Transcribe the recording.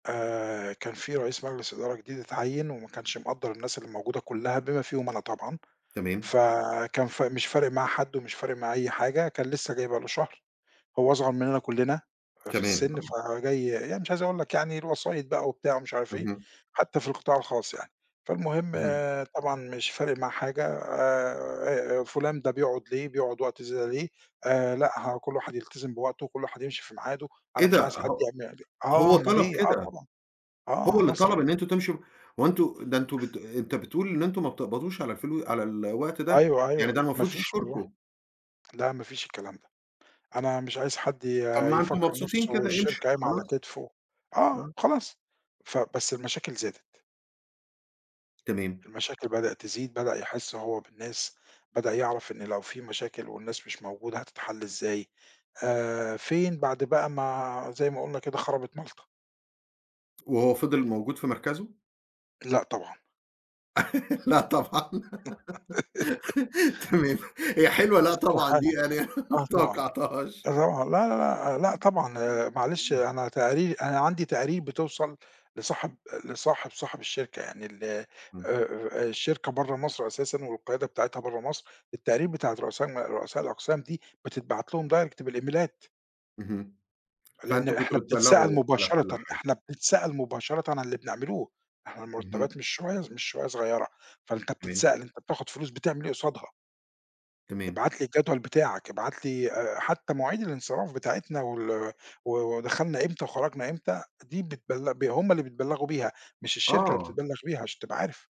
آآ كان في رئيس مجلس إدارة جديد اتعيّن وما كانش مقدّر الناس اللي موجودة كلها بما فيهم أنا طبعًا تمام. ف كان ف مش فارق معاه حد، ومش فارق معاه أي حاجة كان لسه جاي بقى له شهر، هو أصغر مننا كلنا في كمان السن آه. فجاي يعني مش عايز أقول لك يعني الوسايط بقى وبتاع ومش عارف إيه، اهم. حتى في القطاع الخاص يعني. فالمهم اهم. طبعًا مش فارق معاه حاجة آآ آآ فلان ده بيقعد ليه بيقعد وقت زيادة ليه آآ، لأ، ه كل واحد يلتزم بوقته وكل واحد يمشي في معاده، أنا مش كده عايز حد ه [unintelligible] آه هو أومال طلب إيه! آه كده، طبعًا، هو آه اللي طلب مصري. إن أنتم تمشوا هو أنتم ده أنتم بت أنت بتقول إن أنتم ما بتقبضوش على الفلو على الوقت ده، أيوه يعني أيوه ده ما المفروض فيش والله، يشكركم. لا ما فيش الكلام ده أنا مش عايز حد ي طب ما أنتم يفكر مبسوطين نفسه كدا امشوا الشركة قايمة على خلاص. كتفه، آه آه. خلاص، فبس المشاكل زادت. تمام. المشاكل بدأت تزيد، بدأ يحس هو بالناس بدأ يعرف إن لو في مشاكل والناس مش موجودة هتتحل إزاي آآ، فين بعد بقى ما زي ما قلنا كده خربت مالطة. وهو فضل موجود في مركزه؟ لأ طبعًا. لا طبعًا تمام هي حلوة لأ طبعًا دي استحالة يعني آه ما طبعًا توقعتهاش. [unintelligible] لا لا لا لأ، طبعًا معلش [unintelligible] أنا تقاري أنا عندي تقارير بتوصل لصاحب لصاحب صاحب الشركة يعني ال آآ إمم. آآ، الشركة بره مصر أساسًا والقيادة بتاعتها بره مصر، التقارير بتاعة رؤساء م رؤساء الأقسام دي بتتبعت لهم direct بالإيميلات. اهم. لأن فأنتم إحنا كنتم بنتسأَل بتبلغوا على كل مباشرةً حاجة. إحنا بنتسأَل مباشرةً عن اللي بنعمله إحنا اهم. المرتبات مش شوية ص مش شوية صغيرة، فأنت تمام. بتتسأَل أنت بتاخد فلوس بتعمل إيه قصادها؟ تمام. ابعت لي الجدول بتاعك، ابعت لي آآ، حتى مواعيد الانصراف بتاعتنا وال و ودخلنا إمتى وخرجنا إمتى دي بتبل ب هم اللي بيتبلغوا بيها، مش الشركة اللي آه. بتتبلغ بيها عشان تبقى عارف.